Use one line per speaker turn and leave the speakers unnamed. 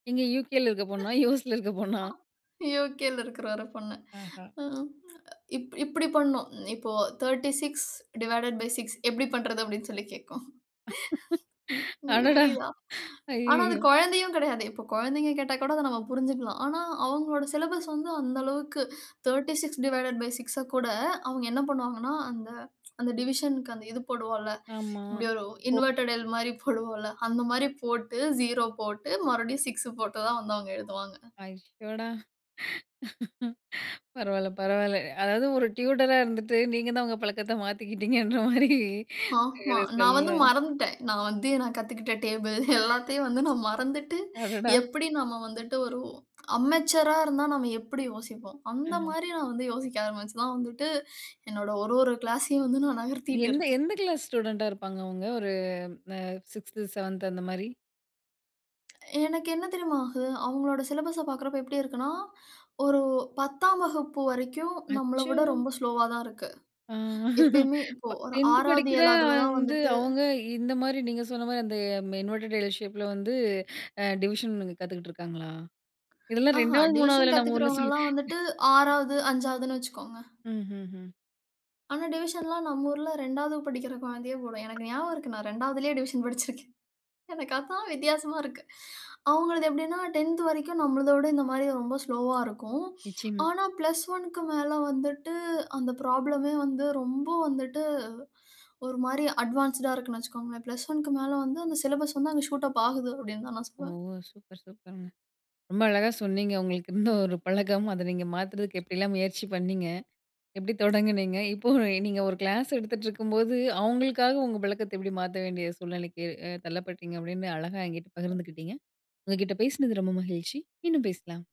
இங்க UKல இருக்க பொண்ணா? USல இருக்க பொண்ணா?
ஆ UKல இருக்கிற ஒரு பொண்ணு.
ஆஹ.
ம் ஆ இப் இப்பிடி பண்ணும். இப்போ, 36 டிவைடட் பை 6 எப்பிடி பண்றது? அப்பிடின்னு சொல்லி கேக்கும். உ உங்களுக்கு
அடடா!
புரியுதா? ஆனா அது
அய்யய்யோ!
கொழந்தையும் கிடையாது. இப்போ குழந்தைங்க கேட்டா கூட, அத நம்ம புரிஞ்சிக்கலாம். ஆனா அவுங்களோட சிலபஸ் வந்து, அந்த அளவுக்கு 36 டிவைடட் பை 6அ கூட அவுங்க என்ன பண்ணுவாங்கன்னா, அந்த அந்த டிவிஷன்க்கு அந்த இது போடுவோம்ல.
ஆமா.
இப்பிடி ஒரு
ஓ!
இன்வெர்டட் எல் மாரி போடுவோம் இல்ல. அந்தமாரி போட்டு, 0 போட்டு மறுபடியும் 6 போட்டு தான் வந்து வந்து அவுங்க எழுதுவாங்க.
ஐயோடா! பரவாயில்ல பரவாயில்ல. அதாவது ஒரு டியூட்டர்ரா இருந்துட்டு நீங்க தான் உங்க பழக்கத்த மாத்திக்கிட்டீங்கன்ற மாரி
ஆமா.
[unintelligible]
நான் வந்து
சொல்லலாம்.
மறந்துட்டேன். நான் வந்து நான் கத்துக்கிட்ட டேபிள் எல்லாத்தையும் வந்து நான் மறந்துட்டு
அடடா!
எப்பிடி நாம வந்துட்டு ஒரு அன்மெச்சூரா இருந்தா நாம எப்பிடி யோசிப்போம்?
ம்ஹ்ம்.
அந்தமாரி நான் வந்து யோசிக்க ஆரம்பிச்சு தான் வந்துட்டு, என்னோட ஒரு ஒரு கிளாஸ்ஸையும் வந்து நான் நகர்த்திட்டு
எந்த
இருக்கேன்.
எந்த கிளாஸ் ஸ்டூடண்ட்டா இருப்பாங்க அவுங்க? ஒரு அ 6த்து, 7த்து அந்தமாரி!
எனக்கு என்ன தெரியுமா ஆகும்? அவுங்களோட சிலபஸ பாக்குறப்போ எப்பிடி இருக்குன்னா? ஒரு 10ஆம் வகுப்பு வரைக்கும் நம்மள
அச்சோ!
விட ரொம்ப ஸ்லோவா தான் இருக்கு.
ஆ,
எப்பயுமே
ப
இப்ப ஒரு
10த்து
6வது
படிக்கிற
7வதுல தான்
வந்து
வந்துட்டு
அவுங்க இந்தமாரி நீங்க சொன்னமாரி அந்த ம இன்வெர்டட் எல் ஷேப்ல வந்து ஆ டிவிஷன்ன்னு கத்துக்கிட்டு இருக்காங்களா? இதெல்லாம்
ஆஹான்!
ரெண்டாவது,
டிவிஷன்
மூணாவதுல நம்ம ஊர்ல சொல்லி
கத்துக்கிறவங்கள்லாம் வந்துட்டு 6வது, 5வதுன்னு வச்சிக்கோங்க.
ம் ம் ம்.
ஆனா, டிவிஷன்லாம் நம்ம ஊர்ல 2வது படிக்கிற குழந்தையே போடும். எனக்கு ஞாபகம் இருக்கு. நான் 2வதுலயே டிவிஷன் படிச்சிருக்கேன். எனக்கு அதான் வித்தியாசமா இருக்கு. அவுங்களது எப்பிடின்னா? 10த் வரைக்கும் நம்மளுத விட இந்தமாரி ரொம்ப ஸ்லோவா ஆ இருக்கும்.
நிச்சயமா.
ஆனா +1க்கு மேல வந்துட்டு அந்த ப்ராப்ளமே வந்து ரொம்ப வந்துட்டு ஒருமாரி அட்வான்ஸ்ட்டுடா இருக்குன்னு வச்சிக்கோங்களேன். +1க்கு மேல வந்து அந்த சிலபஸ் வந்து அங்க ஷூட் அப் ஆகுது அப்பிடின்தான் நான்
ஓ!
சொல்வேன்.
சூப்பர் சூப்பருங்க. ரொம்ப அழகா சொன்னீங்க. உங்களுக்கு இருந்த ஒரு பழக்கம், அத நீங்க மாத்துறதுக்கு எப்பிடிலாம் முயற்சி பண்ணீங்க? எப்பிடி தொடங்குனீங்க? இப்போ, நீங்க ஒரு கிளாஸ் எடுத்துகிட்டுருக்கும்போது, அவுங்களுக்காக உங்க பழக்கத்த எப்பிடி மாத்த வேண்டிய சூழ்நிலைக்கு அ தள்ளப்பட்டீங்க? அப்பிடீன்னு அழகா என்கிட்ட பகிர்ந்துக்கிட்டீங்க. உங்கக்கிட்ட பேசினது ரொம்ப மகிழ்ச்சி. மீண்டும் பேசலாம்.